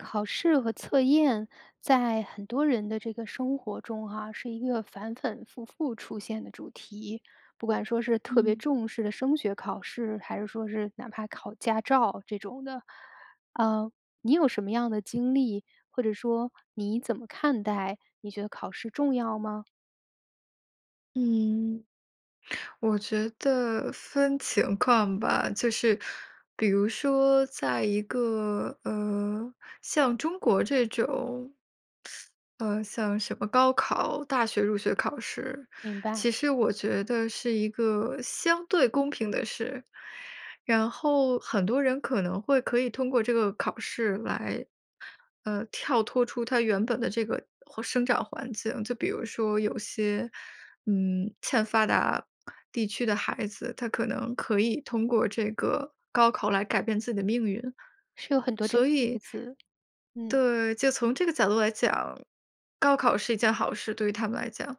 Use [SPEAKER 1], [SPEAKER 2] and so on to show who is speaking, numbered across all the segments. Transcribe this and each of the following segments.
[SPEAKER 1] 考试和测验在很多人的这个生活中哈，是一个反反复复出现的主题。不管说是特别
[SPEAKER 2] 嗯。
[SPEAKER 1] 重视的升学考试，还是说是哪怕考驾照这种的。呃，你有什么样的经历？或者说你怎么看待？你觉得考试重要吗？
[SPEAKER 2] 嗯，我觉得分情况吧。就是比如说在一个，呃，像中国这种 呃，像什么高考大学入学考试，
[SPEAKER 1] 明
[SPEAKER 2] 其
[SPEAKER 1] 白。
[SPEAKER 2] 实我觉得是一个相对公平的事。然后很多人可能会可以通过这个考试来，呃，跳脱出他原本的这个或生长环境。就比如说有些，嗯，欠发达地区的孩子，他可能可以通过这个高考来改变自己的命运。
[SPEAKER 1] 是有很多这样
[SPEAKER 2] 所
[SPEAKER 1] 的例
[SPEAKER 2] 以
[SPEAKER 1] 子，嗯。
[SPEAKER 2] 对，就从这个角度来讲，高考是一件好事，对于他们来讲。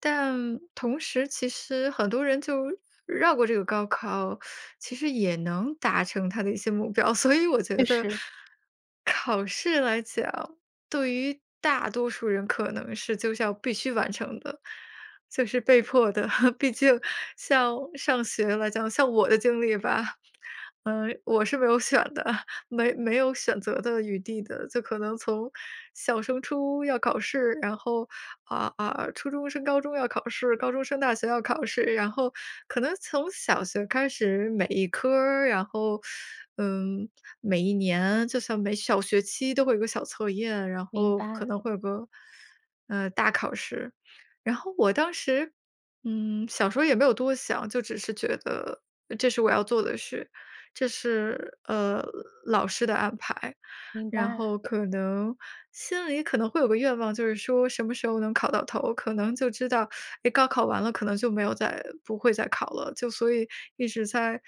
[SPEAKER 2] 但，同时其实很多人就绕过这个高考，其实也能达成他的一些目标。所以我觉
[SPEAKER 1] 确
[SPEAKER 2] 得，
[SPEAKER 1] 实。
[SPEAKER 2] 考试来讲，对于大多数人可能是就是要必须完成的，就是被迫的。毕竟，像上学来讲，像我的经历吧，呃，我是没有选的，没没有选择的余地的。就可能从小升初要考试，然后，啊啊，初中升高中要考试、高中升大学要考试。然后可能从小学开始，每一科儿，然后，嗯，每一年，就算每小学期都会有个小测验，然
[SPEAKER 1] 明
[SPEAKER 2] 后可
[SPEAKER 1] 白。
[SPEAKER 2] 能会有个，呃，大考试。然后我当时，嗯，小时候也没有多想，就只是觉得这是我要做的事，这是，呃，老师的安排。
[SPEAKER 1] 明
[SPEAKER 2] 然
[SPEAKER 1] 白。
[SPEAKER 2] 后可能心里可能会有个愿望，就是说什么时候能考到头？可能就知道，哎，高考完了可能就没有再不会再考了。就所以一直在，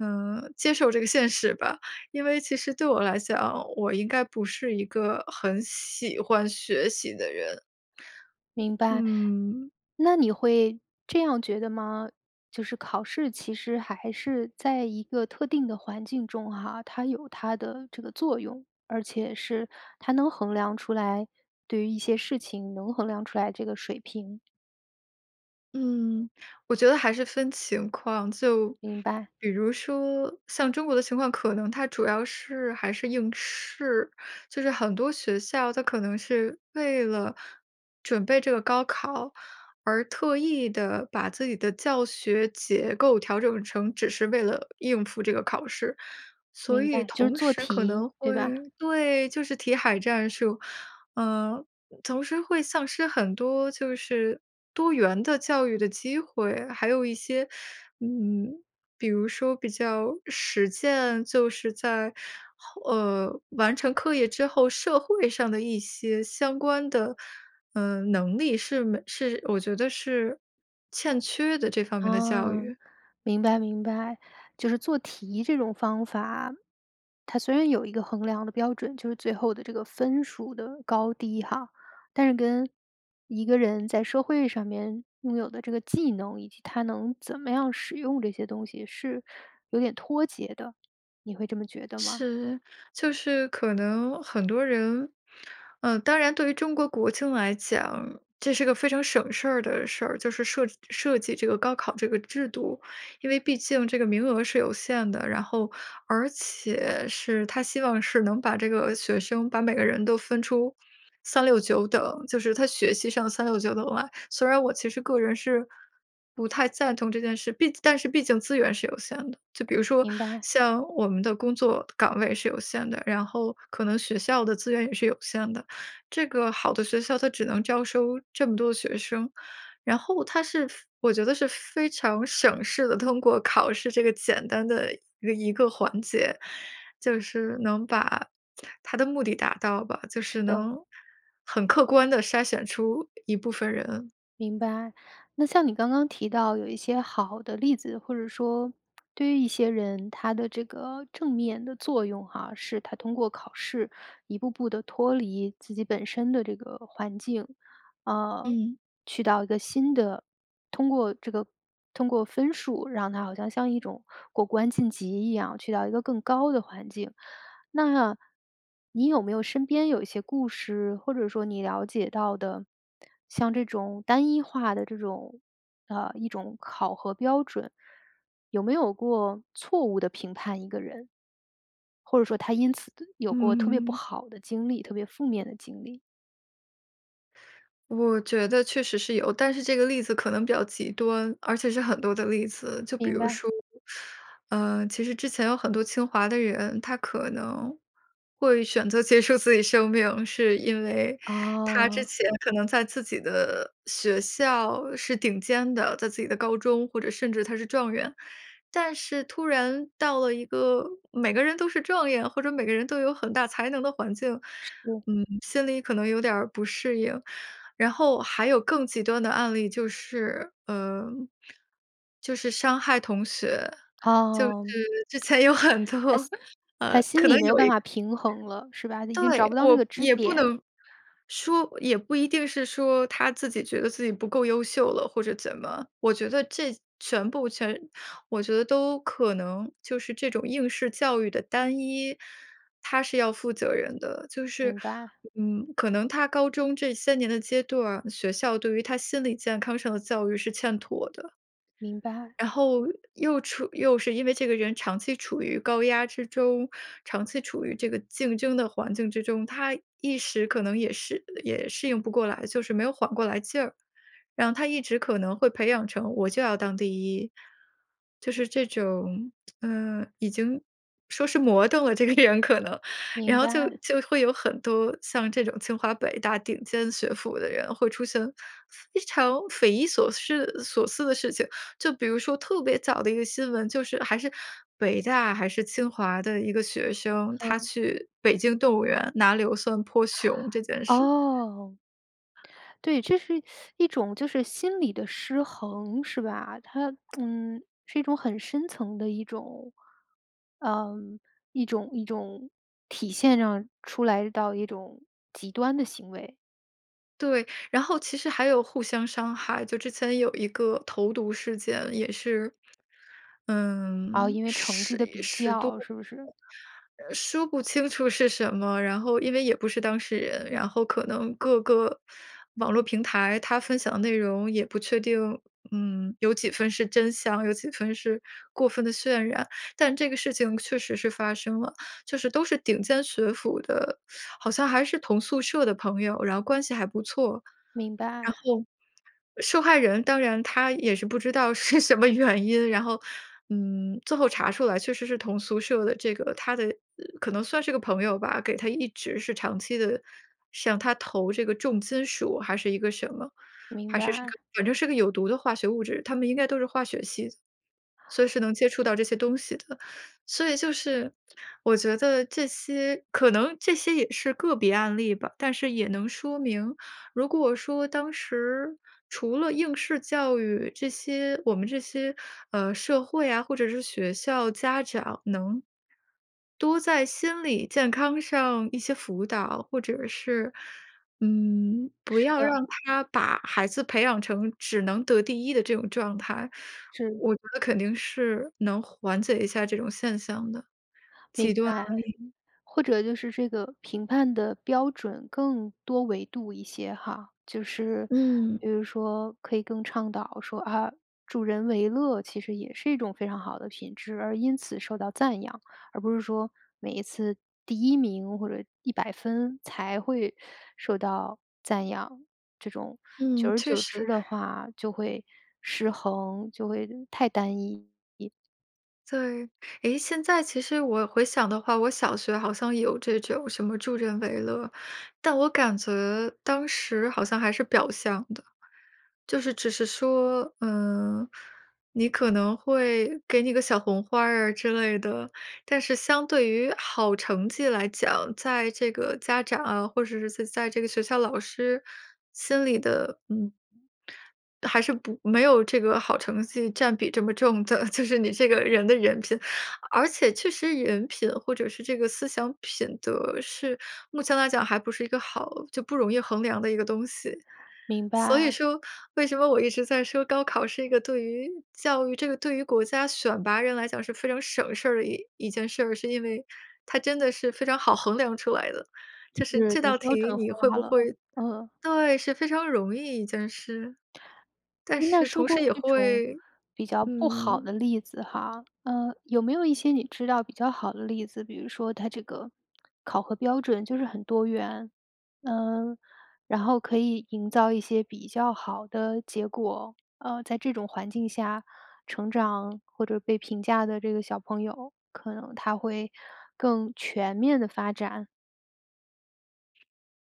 [SPEAKER 2] 嗯，接受这个现实吧。因为其实对我来讲，我应该不是一个很喜欢学习的人。
[SPEAKER 1] 明白。
[SPEAKER 2] 嗯。
[SPEAKER 1] 那你会这样觉得吗？就是考试其实还是在一个特定的环境中哈，它有它的这个作用。而且是它能衡量出来对于一些事情能衡量出来这个水平。
[SPEAKER 2] 嗯，我觉得还是分情况。就
[SPEAKER 1] 明白。
[SPEAKER 2] 比如说像中国的情况，可能它主要是还是应试。就是很多学校，它可能是为了准备这个高考，而特意地把自己的教学结构调整成只是为了应付这个考试，所
[SPEAKER 1] 明
[SPEAKER 2] 以
[SPEAKER 1] 白，就是
[SPEAKER 2] 同
[SPEAKER 1] 做
[SPEAKER 2] 时可
[SPEAKER 1] 题，
[SPEAKER 2] 能
[SPEAKER 1] 对吧？
[SPEAKER 2] 会对，就是题海战术，呃，同时会丧失很多就是多元的教育的机会。还有一些，嗯，比如说比较实践，就是在，呃，完成课业之后，社会上的一些相关的，呃，能力是没是我觉得是欠缺的，这方面的教
[SPEAKER 1] 啊，
[SPEAKER 2] 育。
[SPEAKER 1] 明白明白。就是做题这种方法，它虽然有一个衡量的标准，就是最后的这个分数的高低哈，但是跟一个人在社会上面拥有的这个技能，以及他能怎么样使用这些东西，是有点脱节的，你会这么觉得吗？
[SPEAKER 2] 是，就是可能很多人呃，当然对于中国国情来讲，这是个非常省事儿的事儿，就是设设计这个高考这个制度。因为毕竟这个名额是有限的，然后而且是它希望是能把这个学生把每个人都分出369等，就是他学习上369等啦。虽然我其实个人是不太赞同这件事，毕但是毕竟资源是有限的。就比如说
[SPEAKER 1] 明白。
[SPEAKER 2] 像我们的工作岗位是有限的，然后可能学校的资源也是有限的，这个好的学校它只能招收这么多的学生。然后它是我觉得是非常省事地通过考试这个简单的一个一个环节，就是能把 它的目的达到吧，就是
[SPEAKER 1] 是的。
[SPEAKER 2] 能很客观地筛选出一部分人。
[SPEAKER 1] 明白。那像你刚刚提到有一些好的例子，或者说对于一些人，它的这个正面的作用哈，是他通过考试，一步步地脱离自己本身的这个环境，啊，
[SPEAKER 2] 嗯。
[SPEAKER 1] 去到一个新的通过这个通过分数让他好像像一种过关晋级一样，去到一个更高的环境。那你有没有身边有一些故事，或者说你了解到的，像这种单一化的这种，呃，一种考核标准，有没有过错误地评判一个人？或者说他因此有过特别不
[SPEAKER 2] 嗯。
[SPEAKER 1] 好的经历，特别负面的经历？
[SPEAKER 2] 我觉得确实是有，但是这个例子可能比较极端，而且是很多的例子。就比
[SPEAKER 1] 明
[SPEAKER 2] 如
[SPEAKER 1] 白。
[SPEAKER 2] 说，呃，其实之前有很多清华的人，他可能会选择结束自己生命是因为他之
[SPEAKER 1] 哦。
[SPEAKER 2] 前可能在自己的学校是顶尖的，在自己的高中，或者甚至他是状元。但是突然到了一个每个人都是状元，或者每个人都有很大才能的环境，
[SPEAKER 1] 是。
[SPEAKER 2] 嗯，心里可能有点儿不适应。然后，还有更极端的案例就是呃，就是伤害同学，就是
[SPEAKER 1] 哦。
[SPEAKER 2] 之前有很
[SPEAKER 1] 他
[SPEAKER 2] 多
[SPEAKER 1] 心他
[SPEAKER 2] 呃，
[SPEAKER 1] 心
[SPEAKER 2] 可
[SPEAKER 1] 里
[SPEAKER 2] 能
[SPEAKER 1] 没有
[SPEAKER 2] 有
[SPEAKER 1] 办
[SPEAKER 2] 一
[SPEAKER 1] 法平衡了，是吧？他已经
[SPEAKER 2] 对。
[SPEAKER 1] 找不到那个
[SPEAKER 2] 我
[SPEAKER 1] 支
[SPEAKER 2] 也不
[SPEAKER 1] 点。
[SPEAKER 2] 能说也不一定是说他自己觉得自己不够优秀了或者怎么，我觉得这全部全我觉得都可能就是这种应试教育的单一，它是要负责任的。就是，
[SPEAKER 1] 明白。
[SPEAKER 2] 嗯，可能他高中这些年的阶段，学校对于他心理健康上的教育是欠妥的。
[SPEAKER 1] 明白。
[SPEAKER 2] 然后又处又是因为这个人长期处于高压之中，长期处于这个竞争的环境之中，他一时可能也适也适应不过来，就是没有缓过来劲儿。然后他一直可能会培养成我就要当第1，就是这种呃，已经说是魔怔了这个人可能，然
[SPEAKER 1] 明
[SPEAKER 2] 后就
[SPEAKER 1] 白。
[SPEAKER 2] 就会有很多像这种清华北大顶尖学府的人会出现非常匪夷所失所思的事情。就比如说特别早的一个新闻，就是还是北大还是清华的一个学生，他
[SPEAKER 1] 嗯。
[SPEAKER 2] 去北京动物园拿硫酸泼熊这件事。
[SPEAKER 1] 哦。对，这是 一种就是心理的失衡，是吧？它 嗯，是一种很深层的一种呃，一种一种体现上出来到一种极端的行为。
[SPEAKER 2] 对，然后其实还有互相伤害，就之前有一个投毒事件也是，
[SPEAKER 1] 哦，
[SPEAKER 2] 嗯，
[SPEAKER 1] 因为成绩
[SPEAKER 2] 10
[SPEAKER 1] 的比
[SPEAKER 2] 10多。
[SPEAKER 1] 较，是不是？
[SPEAKER 2] 说不清楚是什么，然后因为也不是当事人，然后可能各个网络平台，它分享的内容也不确定。嗯，有几分是真相，有几分是过分地渲染。但这个事情确实是发生了，就是都是顶尖学府的，好像还是同宿舍的朋友，然后关系还不错。然
[SPEAKER 1] 明白。
[SPEAKER 2] 后受害人，当然她也是不知道是什么原因，然后，嗯，最后查出来确实是同宿舍的这个她的可能算是个朋友吧，给她一直是长期地向她投这个重金属还是一个什么，
[SPEAKER 1] 明
[SPEAKER 2] 还是是
[SPEAKER 1] 白。
[SPEAKER 2] 反正是个有毒的化学物质。她们应该都是化学系，所以是能接触到这些东西的。所以就是，我觉得这些可能这些也是个别案例吧。但是也能说明，如果说当时除了应试教育这些我们这些，呃，社会啊，或者是学校家长能，多在心理健康上一些辅导，或者是，嗯，不
[SPEAKER 1] 是
[SPEAKER 2] 要
[SPEAKER 1] 的。
[SPEAKER 2] 让他把孩子培养成只能得第1的这种状态，
[SPEAKER 1] 是。
[SPEAKER 2] 我觉得肯定是能缓解一下这种现象的，
[SPEAKER 1] 明
[SPEAKER 2] 极端案
[SPEAKER 1] 白。
[SPEAKER 2] 例。
[SPEAKER 1] 或者就是这个评判的标准更多维度一些哈，就是
[SPEAKER 2] 嗯。
[SPEAKER 1] 比如说可以更倡导说，啊，助人为乐其实也是一种非常好的品质而因此受到赞扬。而不是说每一次第1名或者100分才会受到赞扬，这种久
[SPEAKER 2] 嗯，
[SPEAKER 1] 而
[SPEAKER 2] 确
[SPEAKER 1] 久之
[SPEAKER 2] 实。
[SPEAKER 1] 的话就会失衡，就会太单一。
[SPEAKER 2] 对，诶，现在其实我回想的话，我小学好像有这种什么助人为乐，但我感觉当时好像还是表象的，就是只是说，嗯，你可能会给你个小红花儿啊之类的。但是相对于好成绩来讲，在这个家长啊，或者是在这个学校老师心里的，嗯。还是不没有这个好成绩占比这么重的，就是你这个人的人品。而且确实人品或者是这个思想品德是目前来讲，还不是一个好就不容易衡量的一个东西。
[SPEAKER 1] 明
[SPEAKER 2] 所以
[SPEAKER 1] 白。
[SPEAKER 2] 说，为什么我一直在说，高考是一个对于教育这个对于国家选拔人来讲，是非常省事儿的一一件事儿，是因为，它真的是非常好衡量出来的。就是
[SPEAKER 1] 是，
[SPEAKER 2] 这道
[SPEAKER 1] 标
[SPEAKER 2] 题
[SPEAKER 1] 准
[SPEAKER 2] 你会
[SPEAKER 1] 化
[SPEAKER 2] 不
[SPEAKER 1] 了，
[SPEAKER 2] 会，
[SPEAKER 1] 嗯。
[SPEAKER 2] 对，是非常容易一件事。但
[SPEAKER 1] 那
[SPEAKER 2] 是
[SPEAKER 1] 说
[SPEAKER 2] 同
[SPEAKER 1] 过
[SPEAKER 2] 时也
[SPEAKER 1] 这种，
[SPEAKER 2] 会，
[SPEAKER 1] 比较不好
[SPEAKER 2] 嗯
[SPEAKER 1] 的例子哈，呃，有没有一些你知道比较好的例子？比如说它这个考核标准就是很多元，呃，然后可以营造一些比较好的结果，呃，在这种环境下成长，或者被评价的这个小朋友，可能他会更全面地发展？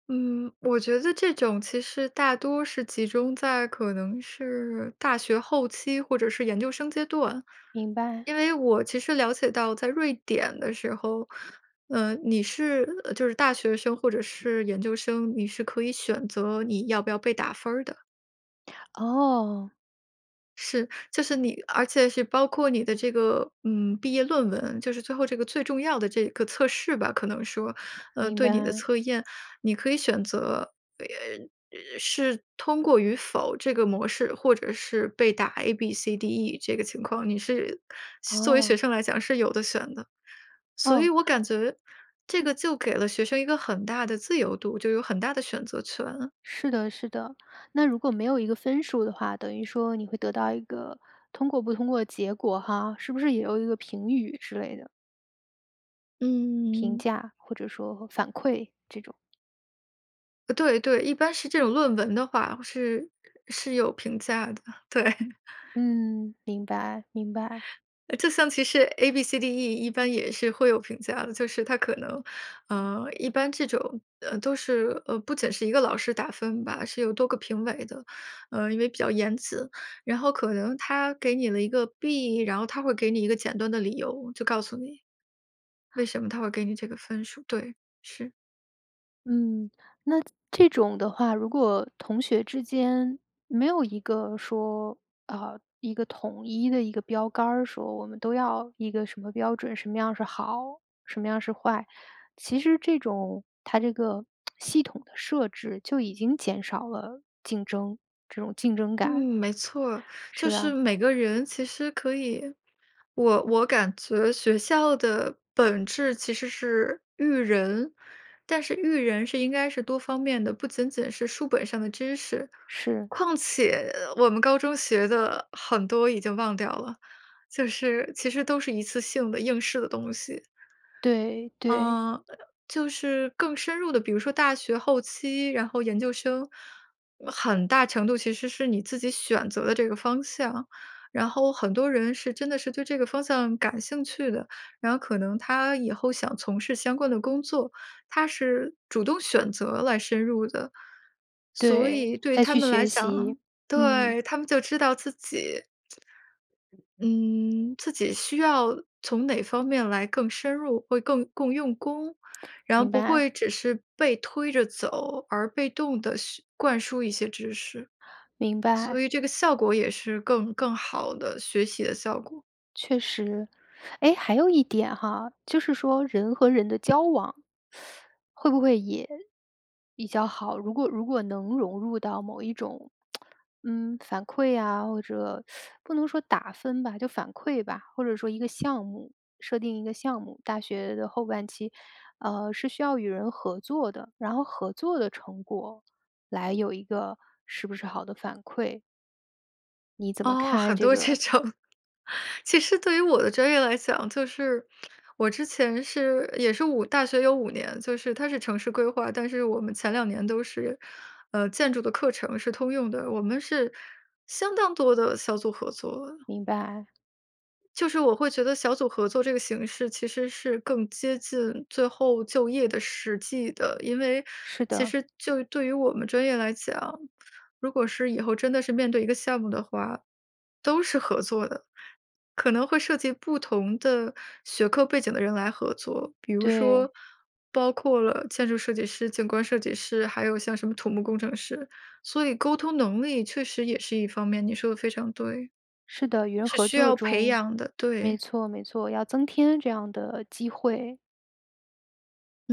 [SPEAKER 2] 嗯，我觉得这种其实大多是集中在可能是大学后期或者是研究生阶段。
[SPEAKER 1] 明白。
[SPEAKER 2] 因为我其实了解到在瑞典的时候，呃你是就是大学生或者是研究生，你是可以选择你要不要被打分儿的。
[SPEAKER 1] 哦。
[SPEAKER 2] 是，就是你而且是包括你的这个，嗯毕业论文就是最后这个最重要的这个测试吧，可能说，呃
[SPEAKER 1] 明
[SPEAKER 2] 对你的
[SPEAKER 1] 白。
[SPEAKER 2] 测验，你可以选择，呃呃是通过与否这个模式或者是被打 A、B、C、D、E 这个情况。你是作为学
[SPEAKER 1] 哦。
[SPEAKER 2] 生来讲是有得选的。所以
[SPEAKER 1] 哦。
[SPEAKER 2] 我感觉这
[SPEAKER 1] 嗯。
[SPEAKER 2] 个就给了学生一个很大的自由度，就有很大的选择权。
[SPEAKER 1] 是的是的，那如果没有一个分数的话，等于说你会得到一个通过不通过的结果哈。是不是也有一个评语之类的？评
[SPEAKER 2] 嗯。
[SPEAKER 1] 价或者说反馈这种。
[SPEAKER 2] 呃对对，一般是这种论文的话，是是有评价的，对。
[SPEAKER 1] 嗯，明白，明白。
[SPEAKER 2] 呃就像其实 A-B-C-D-E 一般也是会有评价的，就是他可能，呃，一般这种，呃，都是，呃，不仅是一个老师打分吧，是有多个评委的，呃，因为比较严词，然后可能他给你了一个 B，然后他会给你一个简短的理由，就告诉你，为什么他会给你这个分数，对，是。
[SPEAKER 1] 嗯，那这种的话，如果同学之间没有一个说，呃，一个统一的一个标杆儿说我们都要一个什么标准，什么样是好，什么样是坏？其实这种它这个 系统的设置，就已经减少了竞争这种竞争
[SPEAKER 2] 嗯，
[SPEAKER 1] 感。
[SPEAKER 2] 没错儿，就
[SPEAKER 1] 是
[SPEAKER 2] 是
[SPEAKER 1] 啊。
[SPEAKER 2] 每个人其实可以我我感觉学校的本质其实是育人，但是育人是应该是多方面的，不仅仅是书本上的知识，
[SPEAKER 1] 是。
[SPEAKER 2] 况且我们高中学的很多已经忘掉了，就是其实都是一次性的应试的东西。
[SPEAKER 1] 对，对。
[SPEAKER 2] 呃，就是更深入地比如说大学后期，然后研究生，呃很大程度其实是你自己选择的这个方向，然后很多人是真的是对这个方向感兴趣的，然后可能他以后想从事相关的工作，他是主动选择来深入的。所
[SPEAKER 1] 对，
[SPEAKER 2] 以对
[SPEAKER 1] 再
[SPEAKER 2] 他
[SPEAKER 1] 去
[SPEAKER 2] 们来
[SPEAKER 1] 学习，
[SPEAKER 2] 讲
[SPEAKER 1] 嗯。
[SPEAKER 2] 对，他们就知道自己，嗯，自己需要从哪方面来更深入，会更更用功，然后
[SPEAKER 1] 明
[SPEAKER 2] 不
[SPEAKER 1] 白。
[SPEAKER 2] 会只是被推着走，而被动地学灌输一些知识。
[SPEAKER 1] 明白。
[SPEAKER 2] 所以这个效果也是更更好的学习的效果。
[SPEAKER 1] 确实，诶，还有一点哈，就是说人和人的交往，会不会也比较好，如果如果能融入到某一种 嗯，反馈呀，或者 不能说打分吧，就反馈吧，或者说一个项目设定一个项目，大学的后半期，呃，是需要与人合作的，然后合作的成果来有一个是不是好的反馈？你怎么
[SPEAKER 2] 哦，
[SPEAKER 1] 看
[SPEAKER 2] 很
[SPEAKER 1] 这
[SPEAKER 2] 多这
[SPEAKER 1] 个？
[SPEAKER 2] 种。其实对于我的专业来讲，就是我之前是也是5，大学有5年，就是它是城市规划，但是我们前2年都是，呃，建筑的课程是通用的，我们是相当多的小组合作。
[SPEAKER 1] 明白。
[SPEAKER 2] 就是我会觉得小组合作这个形式其实是更接近最后就业的实际的，因为
[SPEAKER 1] 是
[SPEAKER 2] 其
[SPEAKER 1] 的。
[SPEAKER 2] 实就对于我们专业来讲，如果是以后真的是面对一个项目的话，都是合作的，可能会涉及不同的学科背景的人来合作。比如
[SPEAKER 1] 对。
[SPEAKER 2] 说包括了建筑设计师、景观设计师，还有像什么土木工程师，所以沟通能力确实也是一方面，你说得非常对。
[SPEAKER 1] 是的，与人
[SPEAKER 2] 是
[SPEAKER 1] 合
[SPEAKER 2] 需
[SPEAKER 1] 作
[SPEAKER 2] 要培
[SPEAKER 1] 中。
[SPEAKER 2] 养的，
[SPEAKER 1] 没
[SPEAKER 2] 对。
[SPEAKER 1] 错没错，要增添这样的机会。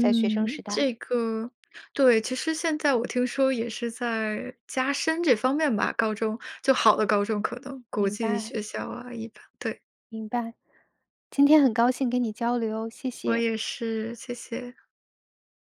[SPEAKER 1] 在学生时代。
[SPEAKER 2] 这个对，其实现在我听说也是在加深这方面吧，高中，就好的高中可能，国
[SPEAKER 1] 明
[SPEAKER 2] 际
[SPEAKER 1] 白。
[SPEAKER 2] 学校啊一般，对。
[SPEAKER 1] 明白。今天很高兴跟你交流，谢
[SPEAKER 2] 我
[SPEAKER 1] 谢。
[SPEAKER 2] 也是，谢谢。